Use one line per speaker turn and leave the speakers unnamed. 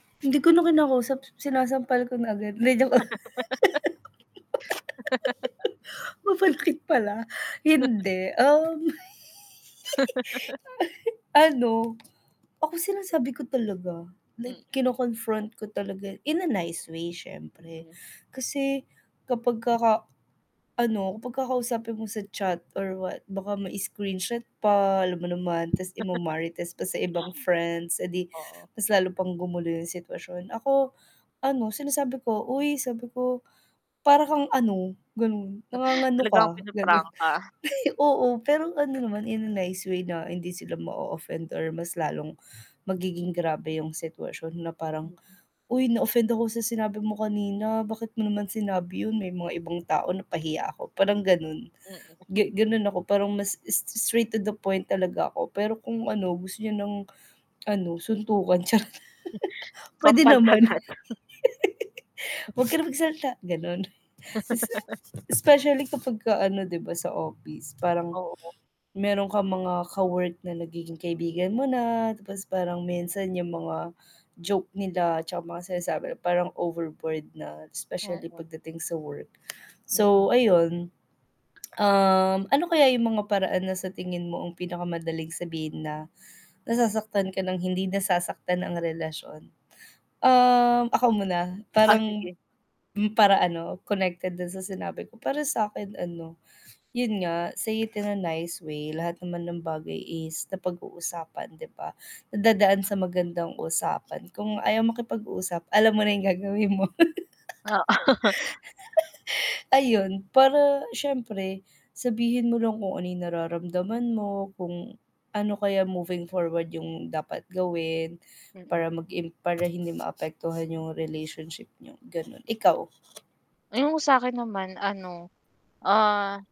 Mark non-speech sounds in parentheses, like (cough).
Hindi ko na kinakausap, sinasampal ko na agad, 'di joke lang.
(laughs) (laughs)
(laughs) Mapanakit pala.
(chuckles)
Hindi, um
(laughs)
(giggles) Ano, ako sinasabi ko talaga like
Mm.
kino-confront ko talaga in a nice way syempre.
Mm.
Kasi kapag kaka ano kapag kakausapin mo sa chat or what baka may screenshot pa, alam mo naman, tas
(laughs)
ima-marites pa sa ibang friends, eh 'di
Oo.
mas lalo pang gumulo yung sitwasyon. Ako, ano sinasabi ko, "Uy" sabi ko, "para kang ano" ganun "nangangano
Talagang
ka,"
ang
ganon.
pinaprangka.
(chuckles) Oo, pero ano naman in a nice way na hindi sila ma-offend or mas lalong magiging grabe yung sitwasyon na parang,
Mm.
"Uy na-offend ako sa sinabi mo kanina. Bakit mo naman sinabi yun may mga ibang tao na pahiya ako," parang ganon.
Mm. (chuckles)
Ganon ako parang mas s s straight to the point talaga ako, pero kung ano gusto niya ng, ano suntukan charot (laughs) pwede
Sampal
naman. (laughs)
agad.
"Wag ka na magsalita," ganon. Isa
(chuckles)
specially kapag ka ano 'di ba sa office parang
Oo.
meron kang mga ka-work na nagiging kaibigan mo na tapos parang minsan yung mga joke nila tsaka mga sinasabi nila parang overboard na, specially
Oo.
pagdating sa work.
Mm.
So ayun, (tsk) um, ano kaya yung mga paraan na sa tingin mo ang pinakamadaling sabihin na nasasaktan ka ng hindi nasasaktan ang relasyon. Ah, ako muna?
Ah,
Parang
sige.
para ano connected dun sa sinabi ko. Para sakin ano, yun nga say it in a nice way lahat naman ng bagay is na pag-uusapan 'di ba? Nadadaan sa magandang usapan, kung ayaw makipag-uusap alam mo na yung gagawin mo.
Oo.
(laughs) Ayun, para syempre sabihin mo lang kung ano yung nararamdaman mo kung ano kaya moving forward yung dapat gawin, para
Mm.
mag im para hindi maapektuhan yung relationship niyo ganon, ikaw?
Yung sakin naman ano, ah